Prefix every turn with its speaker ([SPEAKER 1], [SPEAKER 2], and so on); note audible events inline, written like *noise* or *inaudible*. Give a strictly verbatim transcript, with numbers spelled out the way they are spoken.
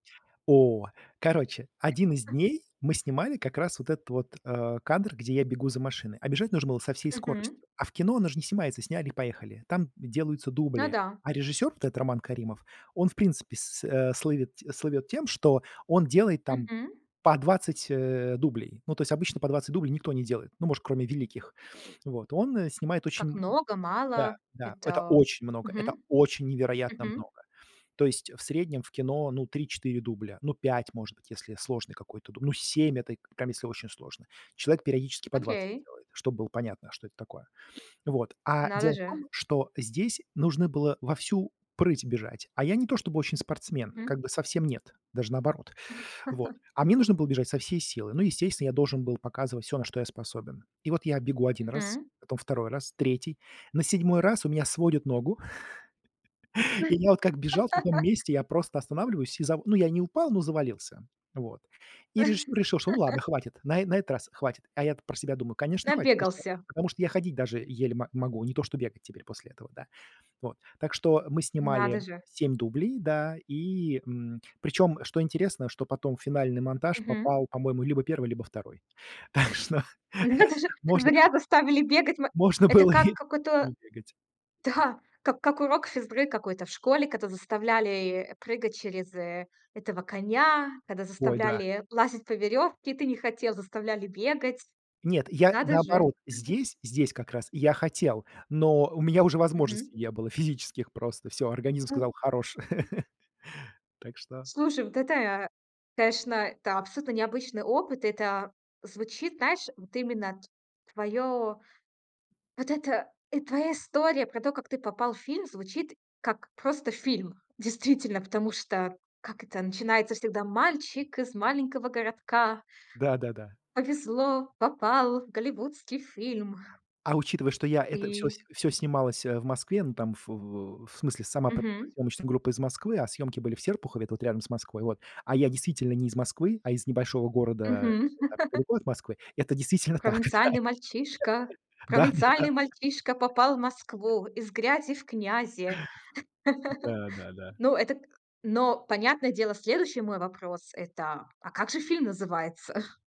[SPEAKER 1] О, короче, один из дней мы снимали как раз вот этот вот, э, кадр, где я бегу за машиной, а бежать нужно было со всей скоростью.
[SPEAKER 2] Мгм.
[SPEAKER 1] А в кино, оно же не снимается "сняли и поехали", там делаются дубли,
[SPEAKER 2] Да-да.
[SPEAKER 1] а режиссёр, вот этот Роман Каримов, он в принципе с с э, слывет слывёт тем, что он делает там
[SPEAKER 2] Мгм.
[SPEAKER 1] по двадцать, э-э, дублей. Ну, то есть обычно по двадцать дублей никто не делает, ну, может, кроме великих. *sniffs* Вот, он снимает
[SPEAKER 2] Как
[SPEAKER 1] очень
[SPEAKER 2] много,
[SPEAKER 1] Да,
[SPEAKER 2] мало?
[SPEAKER 1] да, это
[SPEAKER 2] Это
[SPEAKER 1] очень много, это
[SPEAKER 2] Мгм.
[SPEAKER 1] очень невероятно
[SPEAKER 2] Мгм.
[SPEAKER 1] много. То есть в среднем в кино, ну, три четыре дубля, ну, пять, может быть, если сложный какой-то ду ну, семь, это прям если очень сложный. Человек периодически по двадцать
[SPEAKER 2] Окей.
[SPEAKER 1] делает, чтоб было понятно, что это такое. *sniffs* Вот. А
[SPEAKER 2] Надо
[SPEAKER 1] дело в
[SPEAKER 2] же.
[SPEAKER 1] том, что здесь нужно было во всю прыть бежать, а я не то чтобы очень спортсмен, как
[SPEAKER 2] Мгм.
[SPEAKER 1] бы совсем нет, даже наоборот, вот,
[SPEAKER 2] *laughs*
[SPEAKER 1] а мне нужно было бежать со всей силы, ну, естественно, я должен был показывать всё, на что я способен. И вот я бегу один раз,
[SPEAKER 2] Мгм.
[SPEAKER 1] потом второй раз, третий, на седьмой раз у меня сводит ногу, *laughs* и я вот как бежал на том
[SPEAKER 2] *laughs*
[SPEAKER 1] месте, я просто останавливаюсь и за ну, я не упал, но завалился, вот. И режиссер решил, что ну ладно,
[SPEAKER 2] *laughs*
[SPEAKER 1] хватит, на э на этот раз хватит. А я-то про себя думаю: конечно, хватит, потому что
[SPEAKER 2] Набегался.
[SPEAKER 1] потому что я ходить даже еле мо могу, не то что бегать теперь после этого, да. Вот. Так что мы
[SPEAKER 2] Надо
[SPEAKER 1] снимали
[SPEAKER 2] же.
[SPEAKER 1] семь дублей, да, и, мм, причём, что интересно, что потом в финальный монтаж
[SPEAKER 2] Мгм.
[SPEAKER 1] попал, по-моему, либо первый, либо второй. Так что
[SPEAKER 2] Надо
[SPEAKER 1] *chuckles*
[SPEAKER 2] же,
[SPEAKER 1] можно
[SPEAKER 2] зря заставили бегать ма
[SPEAKER 1] можно
[SPEAKER 2] Это
[SPEAKER 1] было
[SPEAKER 2] как,
[SPEAKER 1] и
[SPEAKER 2] какой-то
[SPEAKER 1] не бегать.
[SPEAKER 2] Да, как как урок физ-ры какой-то в школе, когда заставляли прыгать через э этого коня, когда
[SPEAKER 1] Ой, да.
[SPEAKER 2] заставляли лазить по веревке, и ты не хотел, заставляли бегать.
[SPEAKER 1] Нет, я
[SPEAKER 2] Надо же
[SPEAKER 1] наоборот,
[SPEAKER 2] *chuckles*
[SPEAKER 1] здесь, здесь как раз, я хотел, но у меня уже
[SPEAKER 2] Мгм.
[SPEAKER 1] возможностей не было физических просто. Всё, организм сказал: "Хорош!" *laughs* Так что
[SPEAKER 2] Слушай, вот это я конечно, это абсолютно необычный опыт. Это звучит, знаешь, вот именно т твоё вот это твоя история про то, как ты попал в фильм, звучит как просто фильм. Действительно, потому что как это начинается всегда: "Мальчик из маленького городка.
[SPEAKER 1] Да-да-да.
[SPEAKER 2] Повезло, попал в голливудский фильм".
[SPEAKER 1] А учитывая, что я это всё с
[SPEAKER 2] И
[SPEAKER 1] всё снималось, э, в Москве, ну, там, ф в в смысле сама п
[SPEAKER 2] Мгм.
[SPEAKER 1] съёмочная группа из Москвы, а съёмки были в Серпухове, это вот рядом с Москвой, вот, а я действительно не из Москвы, а из небольшого города
[SPEAKER 2] Мгм.
[SPEAKER 1] не так
[SPEAKER 2] *laughs*
[SPEAKER 1] далеко от Москвы, это действительно так, да.
[SPEAKER 2] "Провинциальный мальчишка провинциальный мальчишка попал в Москву, из грязи в князи".
[SPEAKER 1] *laughs* Да-да-да. *chuckles* Да-да-да.
[SPEAKER 2] *laughs* Но, это к Но, понятное дело, следующий мой вопрос это: а как же фильм называется? *chuckles*